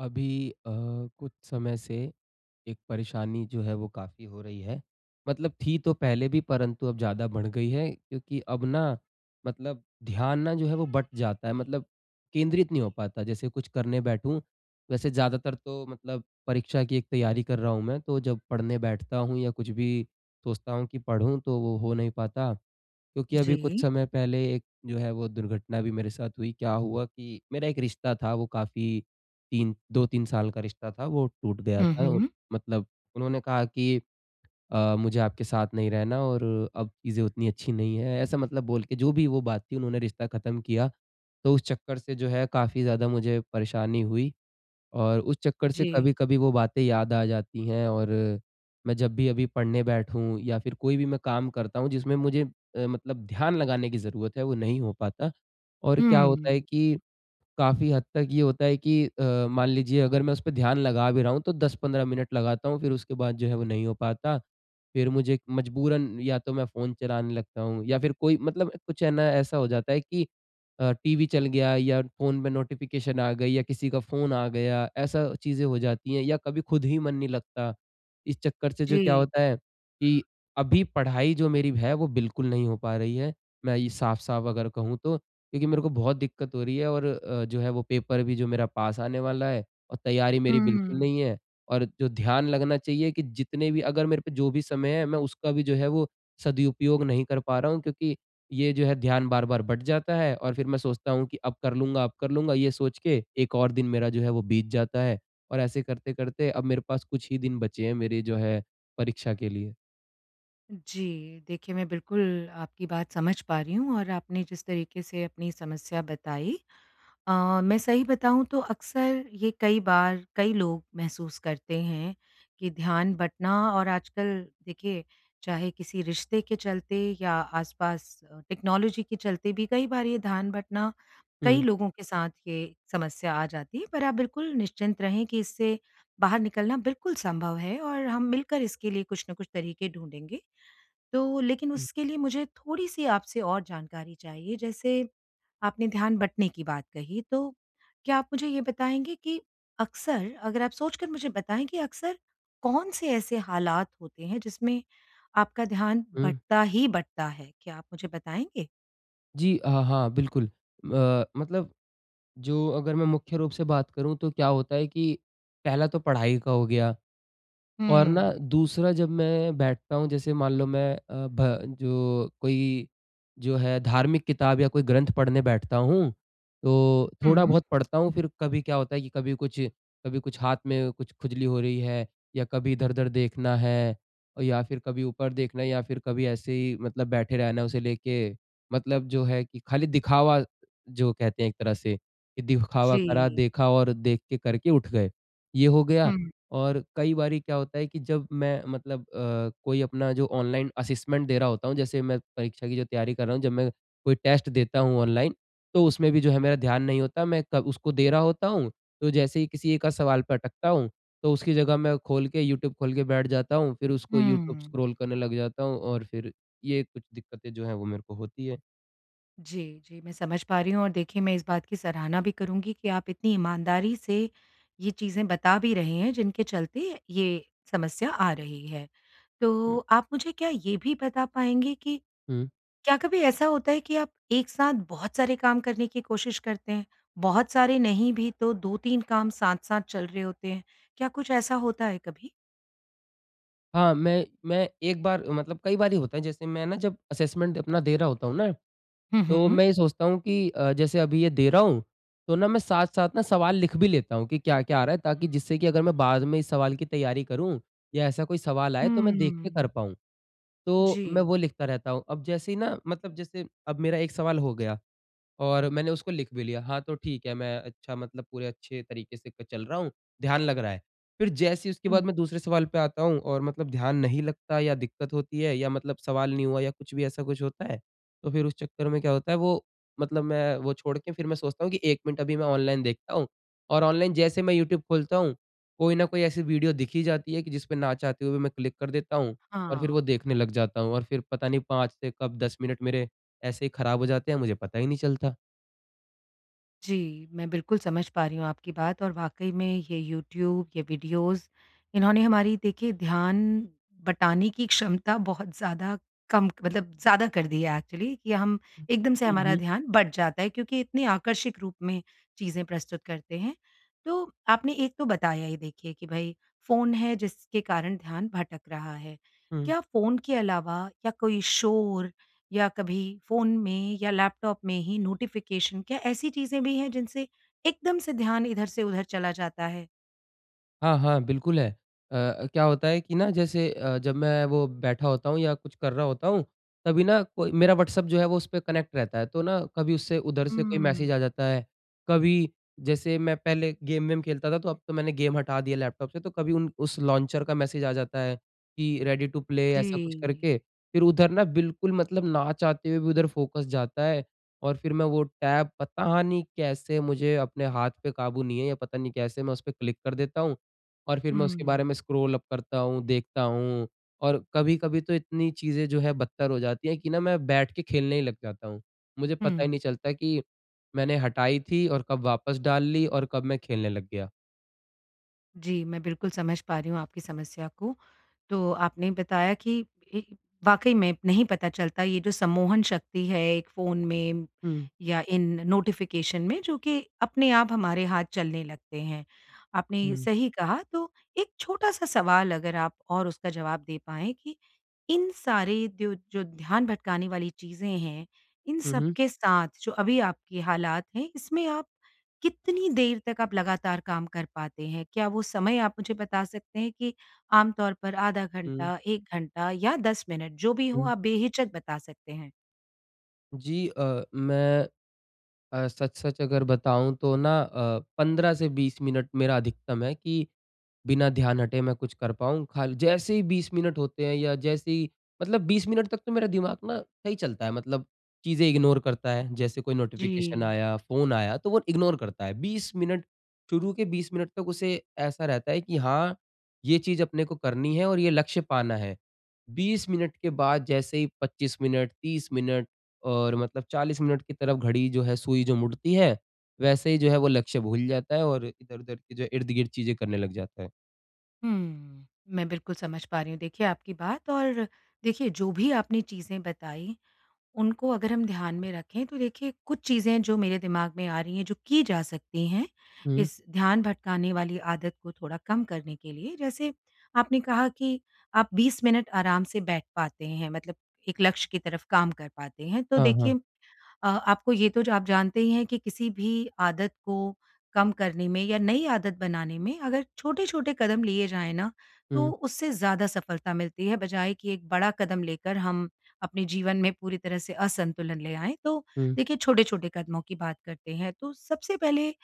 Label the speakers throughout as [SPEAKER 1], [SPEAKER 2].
[SPEAKER 1] अभी अ, कुछ समय से एक परेशानी जो है वो काफ़ी हो रही है। मतलब थी तो पहले भी परंतु अब ज़्यादा बढ़ गई है क्योंकि अब न मतलब ध्यान न जो है वो बँट जाता है मतलब केंद्रित नहीं हो पाता जैसे कुछ करने बैठूँ, वैसे ज़्यादातर तो मतलब परीक्षा की एक तैयारी कर रहा हूँ मैं तो जब पढ़ने बैठता हूँ या कुछ भी सोचता हूँ कि पढ़ूँ तो वो हो नहीं पाता। क्योंकि अभी कुछ
[SPEAKER 2] जी।
[SPEAKER 1] समय पहले एक जो है वो दुर्घटना भी मेरे साथ हुई, क्या हुआ कि मेरा एक रिश्ता था वो काफ़ी 3, 2-3 साल का रिश्ता था वो टूट गया
[SPEAKER 2] हुँ,
[SPEAKER 1] था और
[SPEAKER 2] हुँ।
[SPEAKER 1] मतलब उन्होंने कहा कि अ, मुझे आपके साथ नहीं रहना और अब चीजें उतनी अच्छी नहीं है, ऐसा मतलब बोल के जो भी वो बात थी उन्होंने रिश्ता ख़त्म किया। तो उस चक्कर से जो है काफ़ी ज़्यादा मुझे परेशानी हुई और उस चक्कर से
[SPEAKER 2] जी।
[SPEAKER 1] कभी-कभी वो बातें याद आ जाती है और मैं जब भी अभी पढ़ने बैठूँ या फिर कोई भी मैं काम करता हूँ जिसमें मुझे अ, मतलब ध्यान लगाने की ज़रूरत है वो नहीं हो पाता। और क्या होता है
[SPEAKER 2] हुँ।
[SPEAKER 1] कि काफ़ी हद तक ये होता है कि अ, मान लीजिए अगर मैं उसपे ध्यान लगा भी रहा हूँ तो 10-15 मिनट लगाता हूँ फिर उसके बाद जो है वो नहीं हो पाता। फिर मुझे मजबूरन या तो मैं फ़ोन चलाने लगता हूँ या फिर कोई मतलब कुछ है न ऐसा हो जाता है कि अ, टीवी चल गया या फ़ोन में नोटिफ़िकेशन आ गई या किसी का फ़ोन आ गया, ऐसा चीजें हो जाती है या कभी खुद ही मन नहीं लगता। इस चक्कर से जो क्या
[SPEAKER 2] जी।
[SPEAKER 1] होता है कि अभी पढ़ाई जो मेरी है वो बिल्कुल नहीं हो पा रही है। मैं ये साफ-साफ अगर कहूँ तो क्योंकि मेरे को बहुत दिक्कत हो रही है और अ, जो है वो पेपर भी जो मेरा पास आने वाला है और तैयारी मेरी बिल्कुल
[SPEAKER 2] हुँ।
[SPEAKER 1] नहीं है। और जो ध्यान लगना चाहिए कि जितने भी अगर मेरे पे जो भी समय है मैं उसका भी जो है वो सदुपयोग नहीं कर पा रहा हूँ क्योंकि ये जो है ध्यान बार-बार बँट जाता है और फिर मैं सोचता हूँ कि अब कर लूँगा अब कर लूँगा ये सोच के एक और दिन मेरा जो है वो बीत जाता है, और ऐसे करते-करते अब मेरे पास कुछ ही दिन बचे हैं मेरे जो है परीक्षा के लिए।
[SPEAKER 2] जी। देखिए, मैं बिल्कुल आपकी बात समझ पा रही हूँ और आपने जिस तरीक़े से अपनी समस्या बताई अ, मैं सही बताऊँ तो अक्सर ये कई बार, कई लोग महसूस करते हैं कि ध्यान बटना और आजकल देखिए चाहे किसी रिश्ते के चलते या आसपास टेक्नोलॉज़ी के चलते भी कई बार ये ध्यान बटना कई
[SPEAKER 1] हुँ।
[SPEAKER 2] लोगों के साथ ये समस्या आ जाती है। पर आप बिल्कुल निश्चिंत रहें कि इससे बाहर निकलना बिल्कुल संभव है और हम मिलकर इसके लिए कुछ न कुछ तरीक़े ढूँढ़ेंगे। तो लेकिन
[SPEAKER 1] हुँ।
[SPEAKER 2] उसके लिए मुझे थोड़ी-सी आपसे और जानकारी चाहिए। जैसे आपने ध्यान बंटने की बात कही। तो क्या आप मुझे ये बताएँगे कि अक्सर अगर आप सोच कर मुझे बताएँ कि अक्सर कौन-से ऐसे हालात होते हैं जिसमें आपका ध्यान
[SPEAKER 1] हुँ।
[SPEAKER 2] बटता ही बटता है, क्या आप मुझे बताएँगे?
[SPEAKER 1] जी अ, हाँ बिल्कुल। अ, मतलब जो अगर मैं मुख्य रूप से बात करूँ तो क्या होता है की पहला तो पढ़ाई का हो गया। और न
[SPEAKER 2] हुँ।
[SPEAKER 1] दूसरा जब मैं बैठता हूँ जैसे मान लो मैं अ, भ जो कोई जो है धार्मिक किताब या कोई ग्रंथ पढ़ने बैठता हूँ। तो थोड़ा
[SPEAKER 2] हुँ।
[SPEAKER 1] बहुत पढ़ता हूँ फिर कभी क्या होता है कि कभी कुछ कभी कुछ हाथ में कुछ खुजली हो रही है या कभी इधर-उधर देखना है या फिर कभी ऊपर देखना है या फिर कभी ऐसे ही मतलब बैठे रहना है उसे लेके मतलब जो है कि खाली दिखावा जो कहते हैं एक तरह से कि दिखावा करा
[SPEAKER 2] जी।
[SPEAKER 1] देखा और देख के करके उठ गए, ये हो गया।
[SPEAKER 2] हुँ।
[SPEAKER 1] और कई बारी क्या होता है कि जब मैं मतलब अ, कोई अपना जो ऑनलाइन असेसमेंट दे रहा होता हूँ जैसे मैं परीक्षा की तैयारी कर रहा हूँ जब मैं कोई टेस्ट देता हूँ ऑनलाइन तो उसमें भी जो है मेरा ध्यान नहीं होता, मैं क उसको दे रहा होता हूँ। तो जैसे ही किसी एक-आध सवाल पे अटकता हूँ तो उसकी जगह मैं खोल के यूट्यूब खोल के बैठ जाता हूँ। फिर उसको यूट्यूब
[SPEAKER 2] हुँ।
[SPEAKER 1] स्क्रॉल करने लग जाता हूँ और फिर ये कुछ दिक्कतें जो है वो मेरे को होती है।
[SPEAKER 2] जी, जी। मैं समझ पा रही हूँ और देखिए मैं इस बात की सराहना भी करुँगी कि आप इतनी ईमानदारी से ये चीज़ें बता भी रहे हैं जिनके चलते ये समस्या आ रही है।
[SPEAKER 1] हुँ।
[SPEAKER 2] तो आप मुझे क्या ये भी बता पाएँगे कि
[SPEAKER 1] हुँ।
[SPEAKER 2] क्या कभी ऐसा होता है कि आप एक साथ बहुत सारे काम करने की कोशिश करते हैं बहुत सारे नहीं भी तो 2-3 काम साथ-साथ चल रहे होते हैं। क्या कुछ ऐसा होता है कभी?
[SPEAKER 1] हाँ, मैं मैं एक बार मतलब कई बार ही होता है जैसे मैं न जब असेसमेंट अपना दे रहा होता हूँ न?
[SPEAKER 2] हुँ,
[SPEAKER 1] तो
[SPEAKER 2] हुँ।
[SPEAKER 1] मैं ये सोचता हूँ कि अ, जैसे अभी ये दे रहा हूँ तो न मैं साथ-साथ न सवाल लिख भी लेता हूँ कि क्या-क्या आ रहा है? ताकि जिससे कि अगर मैं बाद में इस सवाल की तैयारी करूँ या ऐसा कोई सवाल आए तो मैं देख के कर
[SPEAKER 2] हुँ।
[SPEAKER 1] पाऊँ तो मैं
[SPEAKER 2] जी।
[SPEAKER 1] वो लिखता रहता हूँ। अब जैसे ही न मतलब जैसे अब मेरा एक सवाल हो गया और मैंने उसको लिख भी लिया। हाँ, तो ठीक है मैं अच्छा मतलब पूरे अच्छे तरीके से क चल रहा हूँ, ध्यान लग रहा है। फिर जैसे ही उसके बाद
[SPEAKER 2] हुँ।
[SPEAKER 1] मैं दूसरे सवाल पे आता हूँ और मतलब ध्यान नहीं लगता या दिक्कत होती है या मतलब सवाल नहीं हुआ या कुछ भी ऐसा कुछ होता है तो फिर उस चक्कर में क्या होता है वो मतलब मैं वो छोड़ के फिर मैं सोचता हूँ कि 1 मिनट अभी मैं ऑनलाइन देखता हूँ और ऑनलाइन जैसे मैं यूट्यूब खोलता हूँ, कोई न कोई ऐसी वीडियो दिख ही जाती है कि जिसपे न चाहते हुए भी मैं क्लिक कर देता हूँ और फिर वो
[SPEAKER 2] हाँ।
[SPEAKER 1] देखने लग जाता हूँ और फिर पता नहीं 5 से कब 10 मिनट मेरे ऐसे ही ख़राब हो जाते हैं मुझे पता ही नहीं चलता।
[SPEAKER 2] जी। मैं बिल्कुल समझ पा रही हूँ आपकी बात और वाक़ई में ये यूट्यूब, ये वीडियोज़ इन्होंने हमारी देखिए ध्यान बटाने की क्षमता बहुत ज़्यादा कम मतलब ज़्यादा कर दी है एक्चुअली कि हम
[SPEAKER 1] हुँ।
[SPEAKER 2] एकदम से
[SPEAKER 1] हुँ,
[SPEAKER 2] हमारा
[SPEAKER 1] हुँ।
[SPEAKER 2] ध्यान बट जाता है क्योंकि इतनी आकर्षक रूप में चीज़ें प्रस्तुत करते हैं। तो आपने एक तो बताया ही देखिए कि भई फ़ोन है जिसके कारण ध्यान भटक रहा है।
[SPEAKER 1] हुँ।
[SPEAKER 2] क्या फ़ोन के अलावा या कोई शोर या कभी फ़ोन में या लैपटॉप में ही नोटिफ़िकेशन क्या ऐसी चीज़ें भी हैं जिनसे एकदम से ध्यान इधर से उधर चला जाता है?
[SPEAKER 1] हाँ, हाँ, बिल्कुल है। अ, क्या होता है कि न जैसे अ, जब मैं वो बैठा होता हूँ या कुछ कर रहा होता हूँ तभी न कोई मेरा व्हाट्सएप जो है वो उसपे कनेक्ट रहता है तो न कभी उससे उधर से कोई मैसेज़ आ
[SPEAKER 2] हुँ।
[SPEAKER 1] जाता है। कभी जैसे मैं पहले गेम-वेम खेलता था तो अब तो मैंने गेम हटा दिया लैपटॉप से तो कभी उन उस लॉन्चर का मैसेज आ जाता है कि रेडी टू प्ले ऐसा कुछ
[SPEAKER 2] जी।
[SPEAKER 1] करके। फिर उधर न बिल्कुल मतलब ना चाहते हुए भी उधर फ़ोकस जाता है और फिर मैं वो टैप पता नहीं कैसे मुझे अपने हाथ पे काबू नहीं है या पता नहीं कैसे मैं उसपे क्लिक कर देता हूँ। और फिर मैं
[SPEAKER 2] हुँ,
[SPEAKER 1] उसके
[SPEAKER 2] हुँ।
[SPEAKER 1] बारे में स्क्रॉल अप करता हूँ, देखता हूँ और कभी-कभी तो इतनी चीज़ें जो है बत्तर हो जाती है कि न मैं बैठ के खेलने ही लग जाता हूँ। मुझे पता ही
[SPEAKER 2] हुँ।
[SPEAKER 1] नहीं चलता कि मैंने हटाई थी और कब वापस डाल ली और कब मैं खेलने लग गया।
[SPEAKER 2] जी, मैं बिल्कुल समझ पा रही हूँ आपकी समस्या को। तो आपने बताया कि, ये वाक़ई में नहीं पता चलता ये जो सम्मोहन शक्ति है एक फ़ोन में
[SPEAKER 1] हुँ।
[SPEAKER 2] या इन नोटिफ़िकेशन में जो कि अपने आप हमारे हाथ चलने लगते हैं। आपने
[SPEAKER 1] हुँ।
[SPEAKER 2] सही कहा तो एक छोटा-सा सवाल अगर आप और उसका जवाब दे पाएँ कि इन सारे दो जो ध्यान भटकाने वाली चीज़े हैं। इन
[SPEAKER 1] हुँ, हुँ।
[SPEAKER 2] सबके साथ जो अभी आपकी हालात हैं, इसमें आप कितनी देर तक आप लगातार काम कर पाते हैं? क्या वो समय आप मुझे बता सकते हैं कि आमतौर पर आधा
[SPEAKER 1] हुँ।
[SPEAKER 2] घंटा, 1 घंटा या 10 मिनट जो भी हो
[SPEAKER 1] हुँ।
[SPEAKER 2] आप बेहिचक बता सकते हैं।
[SPEAKER 1] जी। अ, मैं अ, सच-सच अगर बताऊँ तो न अ, 15 से 20 मिनट मेरा अधिकतम है कि बिना ध्यान हटे मैं कुछ कर पाऊँ खाली जैसे ही 20 मिनट होते हैं या जैसे ही मतलब 20 मिनट तक तो मेरा दिमाग़ न सही चलता है मतलब चीजें इग्नोर करता है। जैसे कोई नोटिफ़िकेशन
[SPEAKER 2] जी।
[SPEAKER 1] आया, फ़ोन आया तो वो इग्नोर करता है। 20 मिनट शुरू के 20 मिनट तक उसे ऐसा रहता है कि हाँ, ये चीज अपने को करनी है और ये लक्ष्य पाना है। 20 मिनट के बाद जैसे ही 25 मिनट, 30 मिनट और मतलब 40 मिनट की तरफ घड़ी जो है, सुई जो मुड़ती है, वैसे ही जो है वो लक्ष्य भूल जाता है और इधर-उधर की जो इर्द-गिर्द चीजें करने लग जाता है।
[SPEAKER 2] हुँ। मैं बिल्कुल समझ पा रही हूँ, देखिए आपकी बात और देखिए जो भी आपने चीजें बताईं, उनको अगर हम ध्यान में रखें तो देखिए कुछ चीजें हैं जो मेरे दिमाग में आ रहीं हैं जो की जा सकती हैं।
[SPEAKER 1] हुँ।
[SPEAKER 2] इस ध्यान भटकाने वाली आदत को थोड़ा कम करने के लिए। जैसे आपने कहा कि आप 20 मिनट आराम से बैठ पाते हैं। मतलब एक लक्ष्य की तरफ काम कर पाते हैं, तो
[SPEAKER 1] हाँ, हाँ।
[SPEAKER 2] देखिए अ, आपको ये तो ज आप जानते ही हैं कि किसी भी आदत को कम करने में या नई आदत बनाने में अगर छोटे-छोटे कदम लिए जाएँ न तो
[SPEAKER 1] हुँ।
[SPEAKER 2] उससे ज़्यादा सफलता मिलती है। बजाए कि एक बड़ा कदम लेकर हम अपने जीवन में पूरी तरह से असंतुलन ले आएँ। तो
[SPEAKER 1] हुँ।
[SPEAKER 2] देखिए छोटे-छोटे कदमों की बात करते हैं। तो सबसे पहले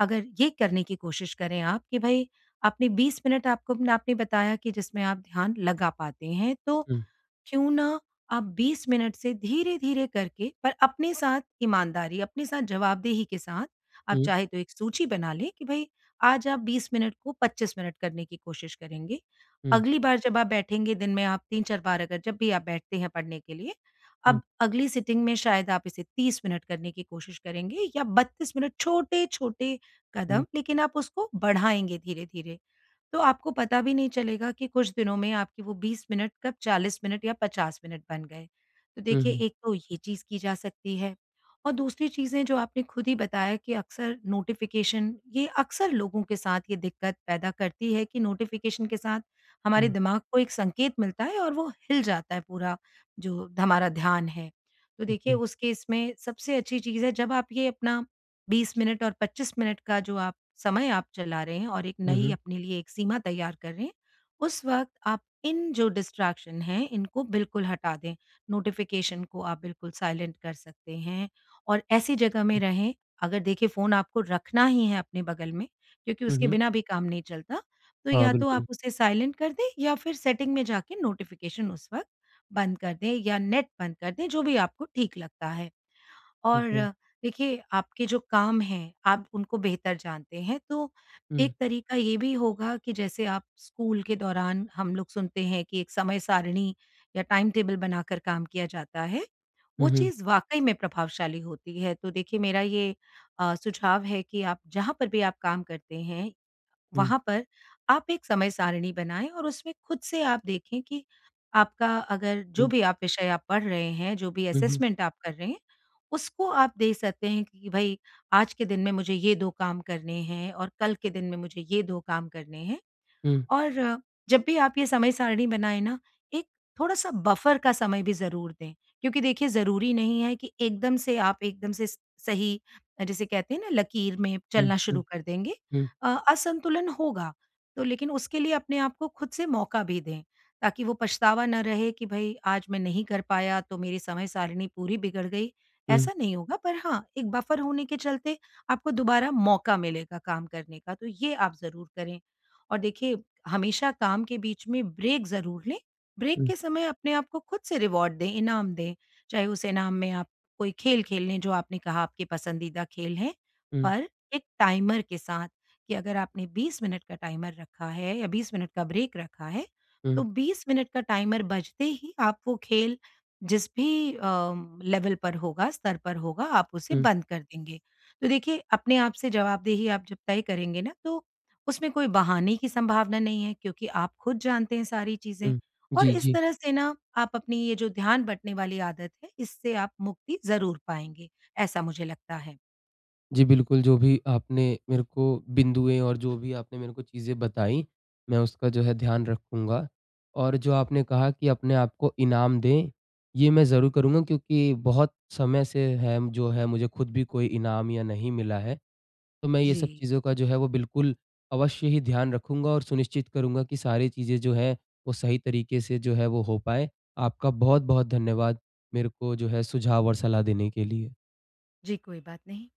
[SPEAKER 2] अगर ये करने की कोशिश करें आप कि भई अपने 20 मिनट आपको न आपने बताया कि जिसमें आप ध्यान लगा पाते हैं तो
[SPEAKER 1] हुँ।
[SPEAKER 2] क्यों ना आप 20 मिनट से धीरे-धीरे करके पर अपने साथ ईमानदारी, अपने साथ जवाबदेही के साथ आप
[SPEAKER 1] हुँ।
[SPEAKER 2] चाहें तो एक सूची बना लें कि भई आज आप 20 मिनट को 25 मिनट करने की कोशिश करेंगे।
[SPEAKER 1] हुँ।
[SPEAKER 2] अगली बार जब आप बैठेंगे दिन में आप 3-4 बार अगर जब भी आप बैठते हैं पढ़ने के लिए,
[SPEAKER 1] हुँ।
[SPEAKER 2] अब अगली सिटिंग में शायद आप इसे 30 मिनट करने की कोशिश करेंगे या 32 मिनट छोटे-छोटे
[SPEAKER 1] हुँ।
[SPEAKER 2] कदम लेकिन आप उसको बढ़ाएँगे धीरे-धीरे। तो आपको पता भी नहीं चलेगा कि कुछ दिनों में आपकी वो 20 मिनट कब 40 मिनट या 50 मिनट बन गए। तो
[SPEAKER 1] हुँ,
[SPEAKER 2] देखिए
[SPEAKER 1] हुँ।
[SPEAKER 2] एक तो ये चीज की जा सकती है। और दूसरी चीजें जो आपने खुद ही बताया कि अक्सर नोटिफ़िकेशन ये अक्सर लोगों के साथ ये दिक्कत पैदा करती है कि नोटिफ़िकेशन के साथ हमारे
[SPEAKER 1] हुँ।
[SPEAKER 2] दिमाग को एक संकेत मिलता है और वो हिल जाता है पूरा जो ध हमारा ध्यान है। तो देखिए
[SPEAKER 1] ओके।
[SPEAKER 2] उस केस में सबसे अच्छी चीज़ है जब आप ये अपना 20 मिनट और 25 मिनट का जो आप समय आप चला रहे हैं और एक
[SPEAKER 1] हुँ,
[SPEAKER 2] नई
[SPEAKER 1] हुँ।
[SPEAKER 2] अपने लिए एक सीमा तैयार करें, उस वक़्त आप इन जो डिस्ट्रैक्शन हैं इनको बिल्कुल हटा दें। नोटिफ़िकेशन को आप बिल्कुल साइलेंट कर सकते हैं और ऐसी जगह में
[SPEAKER 1] हुँ।
[SPEAKER 2] रहें, अगर देखें फ़ोन आपको रखना ही है अपने बगल में, क्योंकि
[SPEAKER 1] हुँ,
[SPEAKER 2] उसके
[SPEAKER 1] हुँ।
[SPEAKER 2] बिना भी काम नहीं चलता। तो
[SPEAKER 1] हाँ,
[SPEAKER 2] या तो आप
[SPEAKER 1] बिल्कुल।
[SPEAKER 2] उसे साइलेंट कर दें या फिर सेटिंग में जाके नोटिफ़िकेशन उस वक़्त बंद कर दें या नेट बंद कर दें जो भी आपको ठीक लगता है।
[SPEAKER 1] ठीक
[SPEAKER 2] और
[SPEAKER 1] है।
[SPEAKER 2] देखिए आपके जो काम हैं, आप उनको बेहतर जानते हैं। तो
[SPEAKER 1] हुँ।
[SPEAKER 2] एक तरीका ये भी होगा कि जैसे आप स्कूल के दौरान हम लोग सुनते हैं कि एक समय सारिणी या टाइम टेबल बनाकर काम किया जाता है। वो
[SPEAKER 1] हुँ, हुँ।
[SPEAKER 2] चीज़ वाक़ई में प्रभावशाली होती है। तो देखिए मेरा ये अ, सुझाव है कि आप जहाँ पर भी आप काम करते हैं
[SPEAKER 1] हुँ।
[SPEAKER 2] वहाँ पर आप एक समय सारिणी बनाएँ और उसमें खुद से आप देखें कि आपका अगर जो
[SPEAKER 1] हुँ।
[SPEAKER 2] भी आप विषय आप पढ़ रहे हैं, जो भी
[SPEAKER 1] हुँ, हुँ।
[SPEAKER 2] असेसमेंट आप कर रहे हैं, उसको आप देख सकते हैं कि भई आज के दिन में मुझे ये 2 काम करने हैं और कल के दिन में मुझे ये 2 काम करने हैं।
[SPEAKER 1] हुँ।
[SPEAKER 2] और जब भी आप ये समय सारिणी बनाए न, एक थोड़ा-सा बफ़र का समय भी ज़रूर दें। क्योंकि देखिए ज़रूरी नहीं है कि एकदम से आप एकदम से स सही जिसे कहते हैं न लकीर में
[SPEAKER 1] हुँ,
[SPEAKER 2] चलना
[SPEAKER 1] हुँ।
[SPEAKER 2] शुरू कर देंगे।
[SPEAKER 1] हुँ।
[SPEAKER 2] अ असंतुलन होगा। तो लेकिन उसके लिए अपने को खुद से मौका भी दें, ताकि वो पछतावा ना रहे कि भई आज मैं नहीं कर पाया तो मेरी समय सारिणी पूरी बिगड़ गई
[SPEAKER 1] हुँ।
[SPEAKER 2] ऐसा नहीं होगा। पर हाँ एक बफ़र होने के चलते आपको दोबारा मौका मिलेगा काम करने का तो ये आप ज़रूर करें। और देखिए हमेशा काम के बीच में ब्रेक ज़रूर लें। ब्रेक
[SPEAKER 1] हुँ।
[SPEAKER 2] के समय अपने आपको खुद से रिवार्ड दें, इनाम दें, चाहे उस इनाम में आप कोई खेल, खेल लें जो आपने कहा आपके पसंदीदा खेल हैं
[SPEAKER 1] हुँ।
[SPEAKER 2] पर एक टाइमर के साथ कि अगर आपने 20 मिनट का टाइमर रखा है या 20 मिनट का ब्रेक रखा है। तो
[SPEAKER 1] हुँ।
[SPEAKER 2] 20 मिनट का टाइमर बजते ही आप वो खेल जिस भी अ, लेवल पर होगा, स्तर पर होगा, आप उसे
[SPEAKER 1] हुँ।
[SPEAKER 2] बंद कर देंगे। तो देखिए अपने आप से जवाबदेही आप जब तय करेंगे न तो उसमें कोई बहाने की संभावना नहीं है क्योंकि आप खुद जानते हैं सारी चीजें
[SPEAKER 1] हुँ।
[SPEAKER 2] और
[SPEAKER 1] जी,
[SPEAKER 2] इस
[SPEAKER 1] जी।
[SPEAKER 2] तरह से न आप अपनी ये जो ध्यान बटने वाली आदत है इससे आप मुक्ति ज़रूर पाएँगे। ऐसा मुझे लगता है।
[SPEAKER 1] जी, बिल्कुल। जो भी आपने मेरे को बिंदुएँ और जो भी आपने मेरे को चीज़ें बताईं मैं उसका जो है ध्यान रखूँगा और जो आपने कहा कि अपने आप को इनाम दें ये मैं ज़रूर करूँगा क्योंकि बहुत समय से है जो है मुझे खुद भी कोई इनाम या नहीं मिला है। तो मैं ये सब
[SPEAKER 2] जी।
[SPEAKER 1] चीज़ों का जो है वो बिल्कुल अवश्य ही ध्यान रखूँगा और सुनिश्चित करूँगा कि सारी चीज़ें जो हैं वो सही तरीके से जो है वो हो पाए। आपका बहुत-बहुत धन्यवाद मेरे को जो है सुझाव और सलाह देने के लिए।
[SPEAKER 2] जी, कोई बात नहीं।